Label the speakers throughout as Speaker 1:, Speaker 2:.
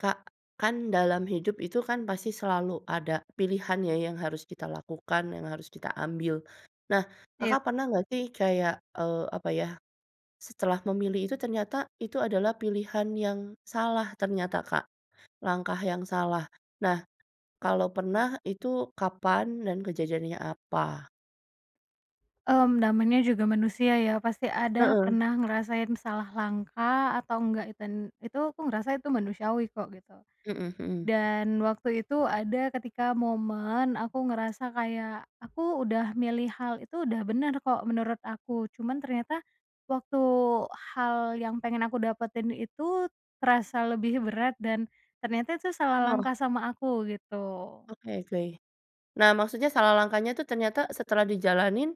Speaker 1: Kak, kan dalam hidup itu kan pasti selalu ada pilihan ya yang harus kita lakukan yang harus kita ambil, nah
Speaker 2: Iya.
Speaker 1: Kakak pernah nggak sih kayak, eee, apa ya. Setelah memilih itu ternyata itu adalah pilihan yang salah ternyata Kak, langkah yang salah, nah, kalau pernah itu kapan dan kejadiannya apa?
Speaker 2: Mmm, namanya juga manusia ya pasti ada
Speaker 1: Heeh.
Speaker 2: pernah ngerasain salah langkah atau enggak iten itu aku ngerasa itu manusiawi kok gitu.
Speaker 1: Mhm mhm.
Speaker 2: Dan waktu itu ada ketika momen aku ngerasa kayak aku udah milih hal itu udah bener kok menurut aku cuman ternyata, waktu hal yang pengen aku dapetin itu terasa lebih berat dan, ternyata itu salah
Speaker 1: Bener.
Speaker 2: langkah sama aku gitu.
Speaker 1: Oke oke, nah maksudnya salah langkahnya tuh ternyata setelah dijalanin,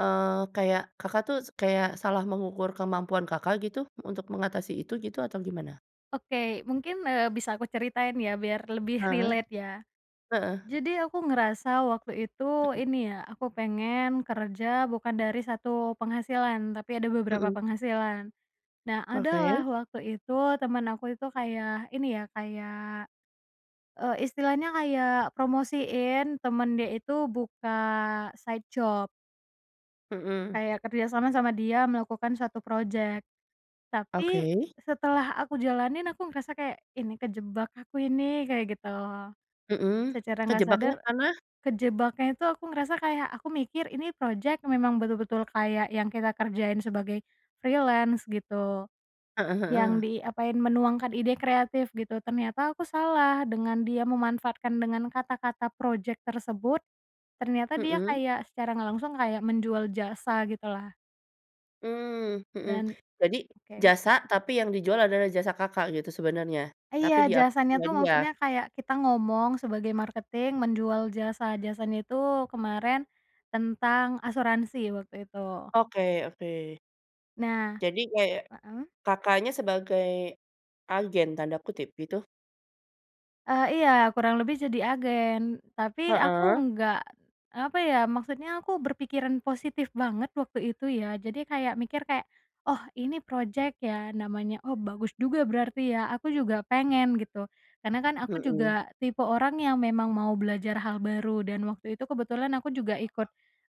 Speaker 1: eee, kayak Kakak tuh s kayak salah mengukur kemampuan Kakak gitu untuk mengatasi itu gitu atau gimana?
Speaker 2: Oke, mungkin, eee, bisa aku ceritain ya biar lebih
Speaker 1: Heeh,
Speaker 2: relate ya.
Speaker 1: heeh.
Speaker 2: Jadi aku ngerasa waktu itu
Speaker 1: Mhm.
Speaker 2: ini ya aku pengen kerja bukan dari 1 penghasilan tapi ada beberapa
Speaker 1: Mhm.
Speaker 2: penghasilan. nah ada lah
Speaker 1: Oke.
Speaker 2: waktu itu teman aku itu kayak ini ya kayak, eee, istilahnya kayak promosiin teman dia itu buka side job.
Speaker 1: Mhm.
Speaker 2: Kayak kerjasama sama dia melakukan suatu projek. Tapi
Speaker 1: Oke.
Speaker 2: setelah aku jalanin aku ngerasa kayak, "Ini kejebak aku ini." Kayak gitu.
Speaker 1: Mhm,
Speaker 2: Secara nggak sadar.
Speaker 1: kejebaknya karena?
Speaker 2: Kejebaknya itu aku ngerasa kayak aku mikir ini projek memang betul-betul kayak yang kita kerjain sebagai, freelance gitu,
Speaker 1: Heeh
Speaker 2: yang
Speaker 1: heeh.
Speaker 2: diapain menuangkan ide kreatif gitu ternyata aku salah dengan dia memanfaatkan dengan kata-kata projek tersebut, ternyata dia
Speaker 1: Mhm.
Speaker 2: kayak secara nggak langsung kayak menjual jasa gitulah.
Speaker 1: Mmm, mhm,
Speaker 2: Dan
Speaker 1: jadi
Speaker 2: oke.
Speaker 1: jasa tapi yang dijual adalah jasa Kakak gitu sebenarnya,
Speaker 2: Eh, iya
Speaker 1: tapi diakui
Speaker 2: jasanya
Speaker 1: punya
Speaker 2: itu
Speaker 1: dia?
Speaker 2: maksudnya kayak kita ngomong sebagai marketing menjual jasa-jasanya itu kemarin, tentang asuransi waktu itu.
Speaker 1: Oke oke.
Speaker 2: Nah
Speaker 1: Jadi kayak,
Speaker 2: heeh.
Speaker 1: Kakaknya sebagai, "agen" tanda kutip gitu?
Speaker 2: Eee, iya kurang lebih jadi agen tapi aku
Speaker 1: Heeh.
Speaker 2: nggak, apa ya maksudnya aku berpikiran positif banget waktu itu ya jadi kayak mikir kayak, "Oh ini projek ya namanya oh bagus juga berarti ya aku juga pengen." gitu, karena kan aku
Speaker 1: Mhm.
Speaker 2: juga tipe orang yang memang mau belajar hal baru dan waktu itu kebetulan aku juga ikut,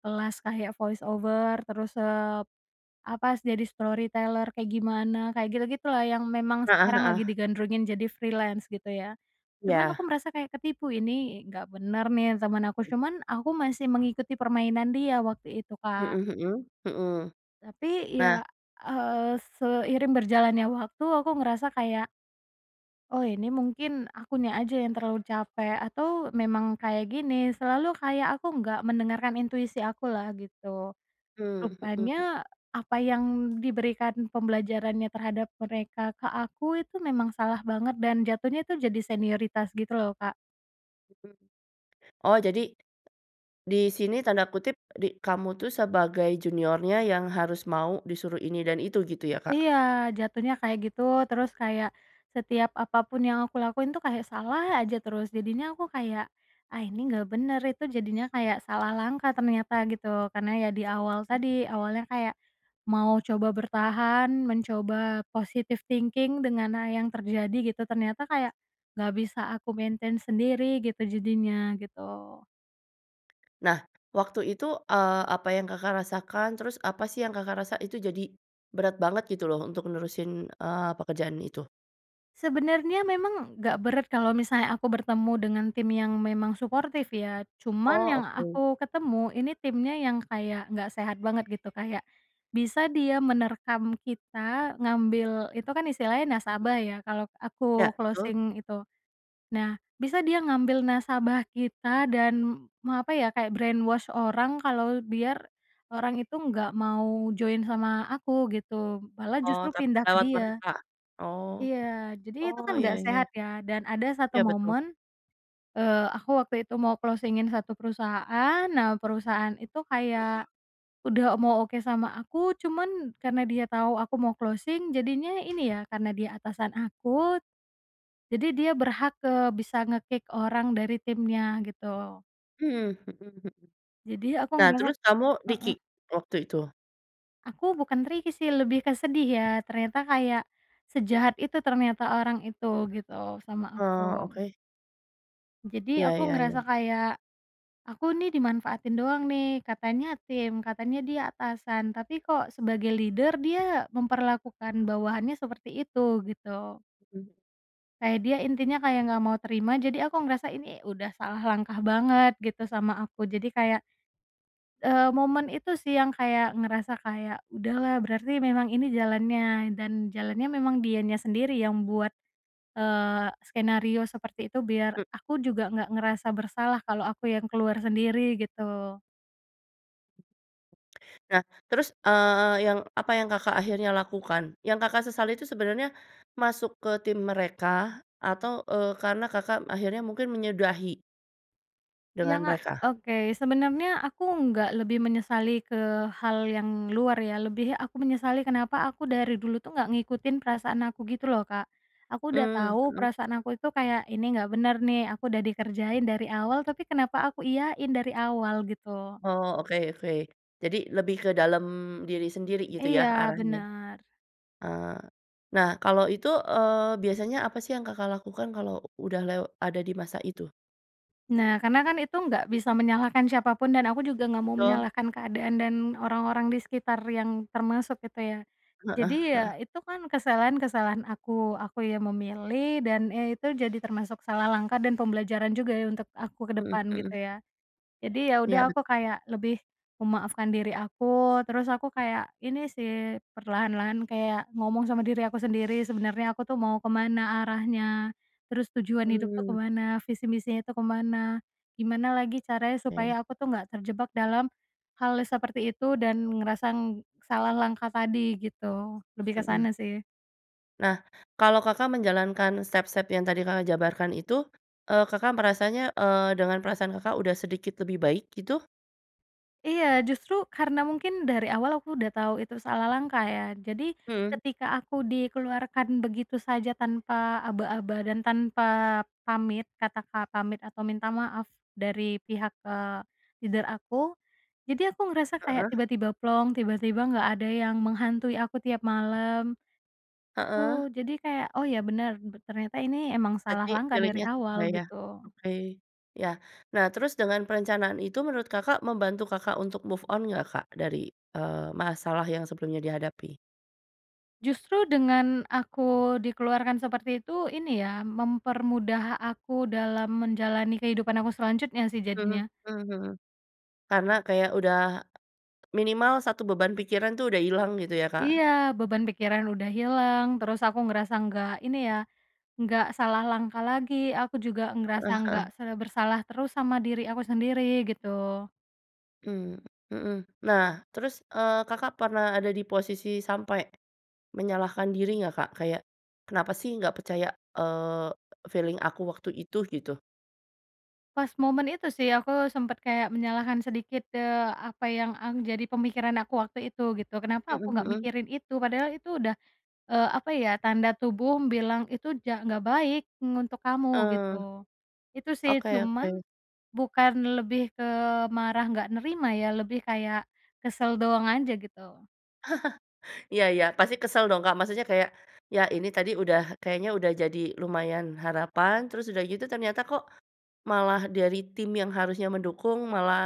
Speaker 2: kelas kayak voice over terus, eee, apa jadi storyteller kayak gimana kayak gitu-gitu lah yang memang
Speaker 1: Heeh
Speaker 2: sekarang lagi
Speaker 1: heeh.
Speaker 2: digandrungi jadi freelance gitu ya, cuman
Speaker 1: Iya.
Speaker 2: aku merasa kayak ketipu ini nggak bener nih teman aku cuman aku masih mengikuti permainan dia waktu itu Kak.
Speaker 1: Mhm mhm mhm.
Speaker 2: Tapi
Speaker 1: Nah.
Speaker 2: ya, eee, seiring berjalannya waktu aku ngerasa kayak "Oh ini mungkin akunya aja yang terlalu capek atau memang kayak gini." Selalu kayak aku nggak mendengarkan intuisi akulah gitu.
Speaker 1: Mmm, mhm.
Speaker 2: Rupanya apa yang diberikan pembelajarannya terhadap mereka ke aku itu memang salah banget dan jatuhnya itu jadi senioritas gitu loh Kak.
Speaker 1: Mhm, oh jadi. Di sini tanda kutip di kamu tuh sebagai juniornya yang harus mau disuruh ini dan itu gitu ya Kak?
Speaker 2: Iya jatuhnya kayak gitu terus kayak, setiap apa pun yang aku lakuin tuh kayak salah aja terus jadinya aku kayak, “Ah ini nggak bener.” Itu jadinya kayak salah langkah ternyata gitu karena ya di
Speaker 1: Mhm,
Speaker 2: awal
Speaker 1: mmm.
Speaker 2: tadi awalnya kayak, mau coba bertahan mencoba positive thinking dengan hal yang terjadi gitu ternyata kayak, nggak bisa aku maintain sendiri gitu jadinya gitu.
Speaker 1: Nah, waktu itu, eee, apa yang Kakak rasakan? Terus apa sih yang Kakak rasa itu jadi, berat banget gitu loh untuk nerusin, eee, pekerjaan itu?
Speaker 2: Sebenarnya memang nggak berat kalau misalnya aku bertemu dengan tim yang memang suportif ya cuman
Speaker 1: Oh
Speaker 2: yang
Speaker 1: oke.
Speaker 2: aku ketemu ini timnya yang kayak nggak sehat banget gitu kayak, bisa dia menerkam kita ngambil itu kan istilahnya nasabah ya kalau
Speaker 1: Ya
Speaker 2: aku
Speaker 1: betul.
Speaker 2: closing itu. Nah bisa dia ngambil nasabah kita dan me apa ya kayak brainwash orang kalau biar, orang itu enggak mau join sama aku gitu malah
Speaker 1: Oh
Speaker 2: justru
Speaker 1: tapi
Speaker 2: pindah ke
Speaker 1: lewat
Speaker 2: dia.
Speaker 1: mereka? Oh,
Speaker 2: Iya jadi itu
Speaker 1: oh
Speaker 2: kan
Speaker 1: iya
Speaker 2: nggak sehat
Speaker 1: iya.
Speaker 2: ya dan ada satu
Speaker 1: Ya betul.
Speaker 2: momen, eee, aku waktu itu mau closing-in satu perusahaan nah perusahaan itu kayak, udah mau oke sama aku, cuman karena dia tau aku mau closing jadinya ini ya karena dia atasan aku. Jadi dia berhak, eee, bisa nge-kick orang dari timnya gitu.
Speaker 1: Mmm, mhm mhm.
Speaker 2: Jadi aku
Speaker 1: Nah
Speaker 2: ngerasa
Speaker 1: terus kamu
Speaker 2: heeh.
Speaker 1: di-kick? Waktu itu?
Speaker 2: Aku bukan tricky sih lebih ke sedih ya ternyata kayak, sejahat itu ternyata orang itu gitu sama
Speaker 1: Oh
Speaker 2: aku.
Speaker 1: oke.
Speaker 2: Jadi
Speaker 1: Ya
Speaker 2: aku
Speaker 1: ya
Speaker 2: ngerasa
Speaker 1: ya.
Speaker 2: kayak, "Aku nih dimanfaatin doang nih katanya tim, katanya dia atasan tapi kok sebagai leader dia memperlakukan bawahannya seperti itu." Gitu.
Speaker 1: Mmm.
Speaker 2: Kayak dia intinya kayak nggak mau terima jadi aku ngerasa ini udah salah langkah banget gitu sama aku jadi kayak, eee, momen itu sih yang kayak ngerasa kayak, “Udah lah berarti memang ini jalannya dan jalannya memang dianya sendiri yang buat," eee, "skenario seperti itu biar
Speaker 1: Mmm.
Speaker 2: aku juga nggak ngerasa bersalah kalau aku yang keluar sendiri gitu.”
Speaker 1: Nah terus, eee, yang apa yang Kakak akhirnya lakukan? Yang Kakak sesali itu sebenarnya, masuk ke tim mereka atau, eee, karena Kakak akhirnya mungkin menyudahi
Speaker 2: Iya
Speaker 1: dengan
Speaker 2: nggak
Speaker 1: mereka?
Speaker 2: oke sebenarnya aku nggak lebih menyesali ke hal yang luar ya lebih aku menyesali kenapa aku dari dulu tuh nggak ngikutin perasaan aku gitu loh Kak, aku udah
Speaker 1: Mmm,
Speaker 2: tau
Speaker 1: mhm.
Speaker 2: perasaan aku itu kayak, "Ini nggak bener nih aku udah dikerjain dari awal tapi kenapa aku iyain dari awal." Gitu.
Speaker 1: Oh oke oke, jadi lebih ke dalam diri sendiri gitu ya
Speaker 2: Iya
Speaker 1: arahnya?
Speaker 2: bener.
Speaker 1: Eee, nah kalau itu, eee, biasanya apa sih yang Kakak lakukan kalau udah lew ada di masa itu?
Speaker 2: Nah karena kan itu nggak bisa menyalahkan siapa pun dan aku juga nggak mau
Speaker 1: Betul.
Speaker 2: menyalahkan keadaan dan orang-orang di sekitar yang termasuk itu ya.
Speaker 1: Heeh
Speaker 2: Jadi
Speaker 1: heeh.
Speaker 2: ya itu kan kesalahan kesalahan aku aku yang memilih dan, eee, itu jadi termasuk salah langkah dan pembelajaran juga ya untuk aku ke
Speaker 1: Mhm
Speaker 2: depan gitu
Speaker 1: mhm.
Speaker 2: ya. Jadi ya
Speaker 1: Ya
Speaker 2: udah
Speaker 1: bet
Speaker 2: aku kayak lebih, memaafkan diri aku terus aku kayak ini sih perlahan-lahan kayak ngomong sama diri aku sendiri sebenarnya aku tuh mau ke mana arahnya, terus tujuan hidup tuh ke
Speaker 1: Mmm.
Speaker 2: mana visi misinya tuh ke mana, gimana lagi caranya
Speaker 1: Oke.
Speaker 2: supaya aku tuh nggak terjebak dalam, hal seperti itu dan ngerasa salah langkah tadi gitu lebih ke
Speaker 1: Mhm.
Speaker 2: sana sih.
Speaker 1: Nah, kalau Kakak menjalankan step-step yang tadi Kakak jabarkan itu, eee, Kakak merasanya, eee, dengan perasaan Kakak udah sedikit lebih baik gitu?
Speaker 2: Iya justru karena mungkin dari awal aku udah tau itu salah langkah ya jadi
Speaker 1: Mhm.
Speaker 2: ketika aku dikeluarkan begitu saja tanpa aba-aba dan tanpa, pamit kata-kata pamit atau minta maaf, dari pihak, eee, leader aku, jadi aku ngerasa kayak
Speaker 1: Heeh.
Speaker 2: tiba-tiba plong, tiba-tiba nggak ada yang menghantui aku tiap malam.
Speaker 1: Heeh.
Speaker 2: Gitu jadi kayak, “Oh ya bener ternyata ini emang salah
Speaker 1: Berarti
Speaker 2: langkah dari
Speaker 1: pilihnya sesuai
Speaker 2: awal.”
Speaker 1: ya?
Speaker 2: Gitu.
Speaker 1: Oke, ya, nah terus dengan perencanaan itu menurut Kakak membantu Kakak untuk move on nggak Kak dari, eee, masalah yang sebelumnya dihadapi?
Speaker 2: Justru dengan aku dikeluarkan seperti itu ini ya mempermudah aku dalam menjalani kehidupan aku selanjutnya sih
Speaker 1: Mhm
Speaker 2: jadinya.
Speaker 1: mhm mhm. Karena kayak udah, minimal 1 beban pikiran tuh udah hilang gitu ya Kak?
Speaker 2: Iya beban pikiran udah hilang terus aku ngerasa nggak ini ya, nggak salah langkah lagi aku juga ngerasa
Speaker 1: Heeh
Speaker 2: nggak
Speaker 1: heeh.
Speaker 2: sebersalah terus sama diri aku sendiri gitu.
Speaker 1: Mmm, mhm, nah terus, eee, Kakak pernah ada di posisi sampai, menyalahkan diri nggak Kak? Kayak, “Kenapa sih nggak percaya," eee, "feeling aku waktu itu?” Gitu.
Speaker 2: Pas momen itu sih aku sempat kayak menyalahkan sedikit, eee, apa yang ang jadi pemikiran aku waktu itu gitu kenapa
Speaker 1: Mhm
Speaker 2: aku gak
Speaker 1: mhm.
Speaker 2: mikirin itu padahal itu udah, eee, apa ya tanda tubuh bilang itu ja "Nggak baik ng untuk kamu."
Speaker 1: Eee.
Speaker 2: Gitu, itu sih
Speaker 1: Oke
Speaker 2: cuman,
Speaker 1: oke.
Speaker 2: bukan lebih ke marah nggak nerima ya lebih kayak, kesel doang aja gitu.
Speaker 1: Iya iya pasti kesel dong Kak maksudnya kayak, ya ini tadi udah kayaknya udah jadi lumayan harapan terus udah gitu ternyata kok, malah dari tim yang harusnya mendukung malah,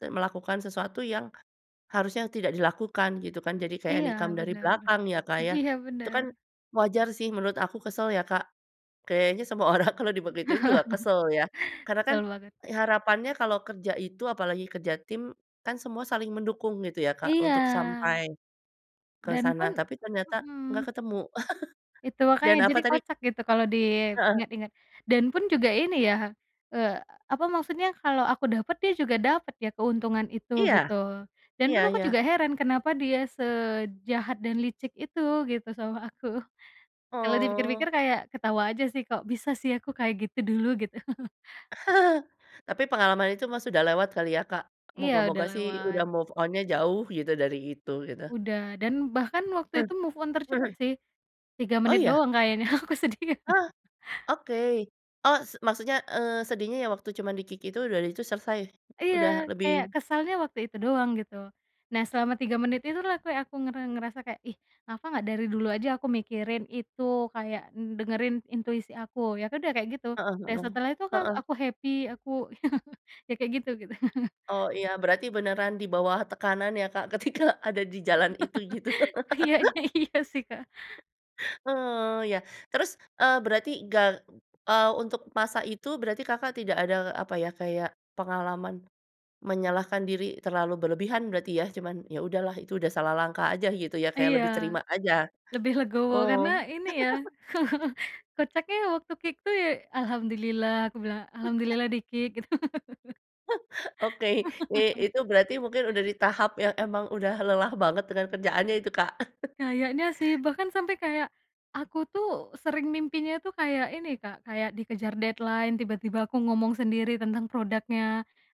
Speaker 1: te melakukan sesuatu yang, harusnya tidak dilakukan gitu kan jadi kayak
Speaker 2: Iya
Speaker 1: nikam dari
Speaker 2: bener,
Speaker 1: belakang ya Kak ya,
Speaker 2: iya
Speaker 1: itu kan,
Speaker 2: bener.
Speaker 1: wajar sih menurut aku kesel ya Kak, kayaknya semua orang kalau dibegituin juga kesel ya karena kan,
Speaker 2: Kesel banget.
Speaker 1: harapannya kalau kerja itu apalagi kerja tim, kan semua saling mendukung gitu ya Kak untuk
Speaker 2: Iya.
Speaker 1: sampai. Ke
Speaker 2: Dan
Speaker 1: sana
Speaker 2: pun
Speaker 1: tapi ternyata nggak
Speaker 2: mhm.
Speaker 1: ketemu.
Speaker 2: Itu
Speaker 1: Dan
Speaker 2: makanya
Speaker 1: apa
Speaker 2: jadi
Speaker 1: tadi?
Speaker 2: kocak gitu kalau
Speaker 1: Heeh.
Speaker 2: diingat-ingat, dan pun juga ini ya, eee, apa maksudnya kalau aku dapat dia juga dapat ya keuntungan itu
Speaker 1: Iya.
Speaker 2: gitu, dan pun
Speaker 1: Iya
Speaker 2: aku juga
Speaker 1: iya.
Speaker 2: heran kenapa dia sejahat dan licik itu gitu sama aku. Kalau
Speaker 1: Oh.
Speaker 2: dipikir-pikir kayak ketawa aja sih kok bisa sih aku kayak gitu dulu gitu?
Speaker 1: Tapi pengalaman itu mah sudah lewat kali ya Kak,
Speaker 2: Iya udah
Speaker 1: moga-moga
Speaker 2: lama
Speaker 1: sih udah
Speaker 2: banget.
Speaker 1: move on-nya jauh gitu dari itu gitu.
Speaker 2: Udah dan bahkan waktu
Speaker 1: Mmm,
Speaker 2: itu move on tercepat
Speaker 1: mhm.
Speaker 2: sih. 3
Speaker 1: Oh
Speaker 2: menit
Speaker 1: iya?
Speaker 2: doang kayaknya aku sedih.
Speaker 1: Ah, oke, oh s maksudnya, eee, sedihnya yang waktu cuma di-kick itu dan itu selesai, udah
Speaker 2: Iya
Speaker 1: lebih
Speaker 2: kayak kesalnya waktu itu doang gitu, nah selama 3 menit itulah kayak aku nger ngerasa kayak, "Ih kenapa gak dari dulu aja aku mikirin itu kayak dengerin intuisi aku." Ya udah kayak gitu,
Speaker 1: Heeh
Speaker 2: dan
Speaker 1: heeh,
Speaker 2: setelah itu kan
Speaker 1: heeh.
Speaker 2: aku happy aku ya ya kayak gitu.
Speaker 1: Oh iya berarti beneran di bawah tekanan ya Kak ketika ada di jalan itu gitu.
Speaker 2: Iyanya iya sih Kak.
Speaker 1: Eee, ya terus, eee, berarti ga eee, untuk masa itu berarti Kakak tidak ada apa ya kayak pengalaman, menyalahkan diri terlalu berlebihan berarti ya? Cuman, "Ya udahlah itu udah salah langkah aja." Gitu ya kayak
Speaker 2: Iya.
Speaker 1: lebih terima aja?
Speaker 2: Lebih legowo
Speaker 1: Oh.
Speaker 2: karena ini ya kocaknya waktu kick tuh ya, "Alhamdulillah," aku bilang, "alhamdulillah di-kick." Gitu.
Speaker 1: Oke, eee, Itu berarti mungkin udah di tahap yang emang udah lelah banget dengan kerjaannya itu Kak.
Speaker 2: Kayaknya sih bahkan sampai kayak, aku tuh sering mimpinya tuh kayak ini Kak kayak dikejar deadline tiba-tiba aku ngomong sendiri tentang produknya,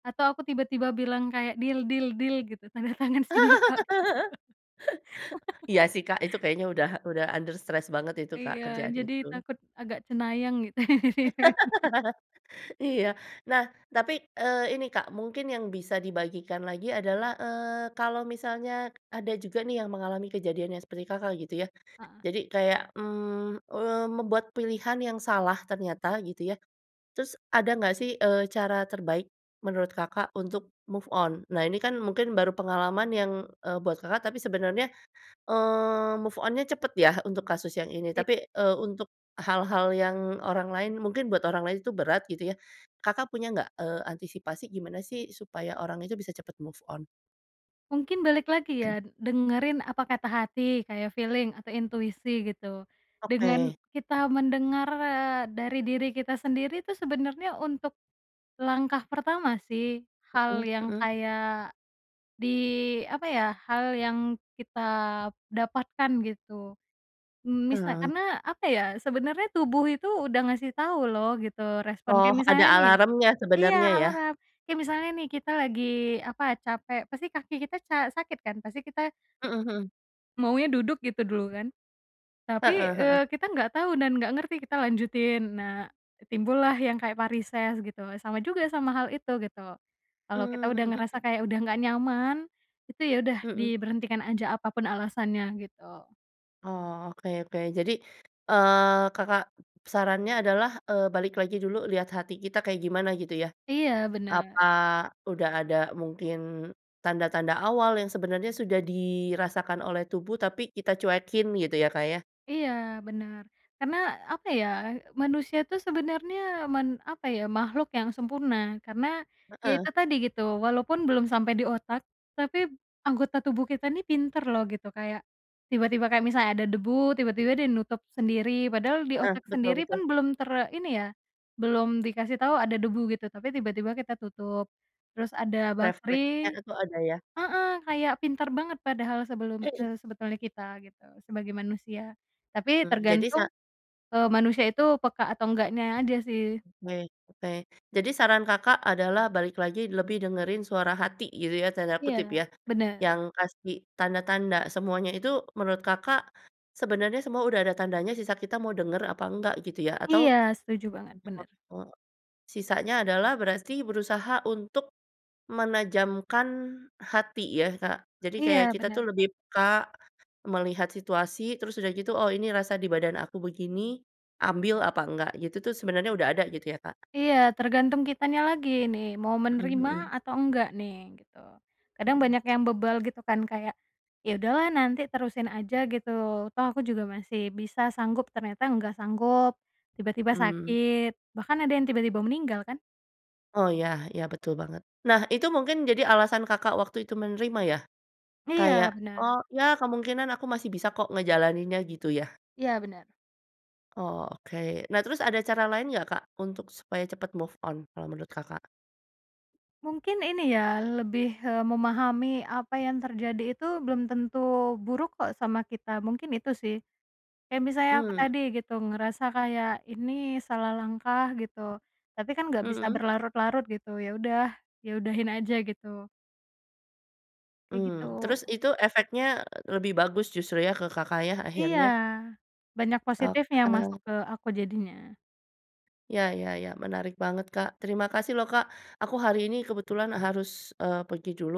Speaker 2: atau aku tiba-tiba bilang kayak, "Deal deal deal." Gitu, "tanda tangan sini pak."
Speaker 1: Iya sih Kak itu kayaknya udah udah under stress banget itu Kak
Speaker 2: Iya
Speaker 1: kerjaan
Speaker 2: jadi
Speaker 1: itu.
Speaker 2: takut agak cenayang gitu ya.
Speaker 1: Iya, nah tapi, eee, ini Kak mungkin yang bisa dibagikan lagi adalah, eee, kalau misalnya ada juga nih yang mengalami kejadiannya seperti Kakak gitu ya,
Speaker 2: Heeh.
Speaker 1: jadi kayak, mmm, eee, membuat pilihan yang salah ternyata gitu ya, terus ada nggak sih, eee, cara terbaik, menurut Kakak untuk move on? Nah ini kan mungkin baru pengalaman yang, eee, buat Kakak, tapi sebenarnya, eee, move on-nya cepat ya untuk kasus yang ini
Speaker 2: Iya.
Speaker 1: tapi, eee, untuk hal-hal yang orang lain mungkin buat orang lain itu berat gitu ya, Kakak punya nggak, eee, antisipasi gimana sih supaya orang itu bisa cepat move on?
Speaker 2: Mungkin balik lagi ya dengerin apa kata hati kayak feeling atau intuisi gitu, dengan
Speaker 1: Oke.
Speaker 2: kita mendengar, eee, dari diri kita sendiri tuh sebenarnya untuk. Langkah pertama sih
Speaker 1: Mhm
Speaker 2: hal yang
Speaker 1: mhm.
Speaker 2: kayak, di apa ya hal yang kita dapatkan gitu, mmm, misal
Speaker 1: Mmm.
Speaker 2: karena apa ya sebenarnya tubuh itu udah ngasih tau loh gitu respon
Speaker 1: Oh
Speaker 2: kayak
Speaker 1: ada
Speaker 2: misalnya nih
Speaker 1: alarmnya
Speaker 2: iya
Speaker 1: sebenarnya ya?
Speaker 2: alarm, kayak misalnya nih kita lagi apa capek pasti kaki kita ca sakit kan? Pasti kita
Speaker 1: Mhm mhm.
Speaker 2: maunya duduk gitu dulu kan. Tapi,
Speaker 1: Heeh heeh.
Speaker 2: eee, kita nggak tahu dan nggak ngerti kita lanjutin nah, timbullah yang kayak varises gitu sama juga sama hal itu gitu, kalau kita udah
Speaker 1: Mmm,
Speaker 2: ngerasa
Speaker 1: mhm.
Speaker 2: kayak udah nggak nyaman, itu ya udah
Speaker 1: Mhm.
Speaker 2: diberhentikan aja apa pun alasannya gitu.
Speaker 1: Oh oke oke jadi, eee, Kakak sarannya adalah, eee, balik lagi dulu lihat hati kita kayak gimana gitu ya?
Speaker 2: Iya bener.
Speaker 1: Apa udah ada mungkin, tanda-tanda awal yang sebenarnya sudah dirasakan oleh tubuh tapi kita cuekin gitu ya Kak ya?
Speaker 2: Iya bener, karena apa ya manusia tuh sebenarnya man apa ya makhluk yang sempurna karena, ya
Speaker 1: Heeh.
Speaker 2: itu tadi gitu walaupun belum sampai di otak, tapi anggota tubuh kita ini pintar loh gitu kayak, tiba-tiba kayak misalnya ada debu tiba-tiba dia nutup sendiri padahal di
Speaker 1: Heeh,
Speaker 2: otak
Speaker 1: betul
Speaker 2: sendiri pun
Speaker 1: betul.
Speaker 2: belum ter ini ya, belum dikasih tau ada debu gitu tapi tiba-tiba kita tutup, terus ada
Speaker 1: Refleknya
Speaker 2: bakteri
Speaker 1: itu ada ya?
Speaker 2: heeh, kayak pintar banget padahal sebelum, eee, sebetulnya kita gitu sebagai manusia, tapi
Speaker 1: Mmm, jadi sa
Speaker 2: tergantung, eee, manusia itu peka atau enggaknya aja sih.
Speaker 1: Baik oke jadi saran Kakak adalah balik lagi lebih dengerin "suara hati" gitu ya tanda kutip
Speaker 2: Iya
Speaker 1: ya,
Speaker 2: bener.
Speaker 1: yang kasih tanda-tanda semuanya itu menurut Kakak, sebenarnya semua udah ada tandanya sisa kita mau denger apa nggak gitu ya atau.
Speaker 2: Iya setuju banget bener.
Speaker 1: [unintelligible] sisanya adalah berarti berusaha untuk, menajamkan hati ya Kak? Jadi kayak
Speaker 2: Iya
Speaker 1: kita
Speaker 2: bener.
Speaker 1: tuh lebih peka, melihat situasi terus udah gitu, “Oh ini rasa di badan aku begini, ambil apa enggak.” Gitu tuh sebenarnya udah ada gitu ya Kak?
Speaker 2: Iya tergantung kitanya lagi ini mau
Speaker 1: Mhm
Speaker 2: menerima
Speaker 1: mhm.
Speaker 2: atau enggak nih gitu, kadang
Speaker 1: Mhm.
Speaker 2: banyak yang bebal gitu kan kayak, "Ya udah lah nanti terusin aja," gitu, "toh aku juga masih bisa sanggup." Ternyata nggak sanggup, tiba-tiba
Speaker 1: Mmm.
Speaker 2: sakit, bahkan ada yang tiba-tiba meninggal kan.
Speaker 1: Oh ya ya betul banget, nah itu mungkin jadi alasan Kakak waktu itu menerima ya? Kayak,
Speaker 2: Iya bener.
Speaker 1: “Oh ya kemungkinan aku masih bisa kok ngejalaninnya.” Gitu ya.
Speaker 2: Iya bener.
Speaker 1: Oh oke nah terus ada cara lain nggak Kak untuk supaya cepat move on kalau menurut Kakak?
Speaker 2: Mungkin ini ya lebih, eee, memahami apa yang terjadi itu belum tentu buruk kok sama kita mungkin itu sih. Kayak misalnya aku
Speaker 1: Mmm.
Speaker 2: tadi gitu ngerasa kayak ini salah langkah gitu, tapi kan gak bisa
Speaker 1: Mhm.
Speaker 2: berlarut-larut gitu ya udah, ya udahin aja gitu. Kayak
Speaker 1: Mmm,
Speaker 2: gitu.
Speaker 1: terus itu efeknya lebih bagus justru ya ke Kakak ya
Speaker 2: Iya,
Speaker 1: akhirnya?
Speaker 2: banyak positifnya masuk
Speaker 1: Oke.
Speaker 2: ke aku jadinya.
Speaker 1: Ya ya ya menarik banget Kak terima kasih loh Kak aku hari ini kebetulan harus, eee, pergi dulu,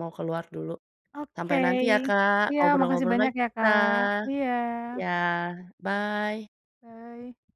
Speaker 1: mau keluar dulu.
Speaker 2: Oke,
Speaker 1: Sampai nanti ya Kak
Speaker 2: iya makasih
Speaker 1: ngobrol-ngobrol
Speaker 2: banyak
Speaker 1: lagi
Speaker 2: ya
Speaker 1: kita,
Speaker 2: Kak, iya.
Speaker 1: iya bye.
Speaker 2: Bye.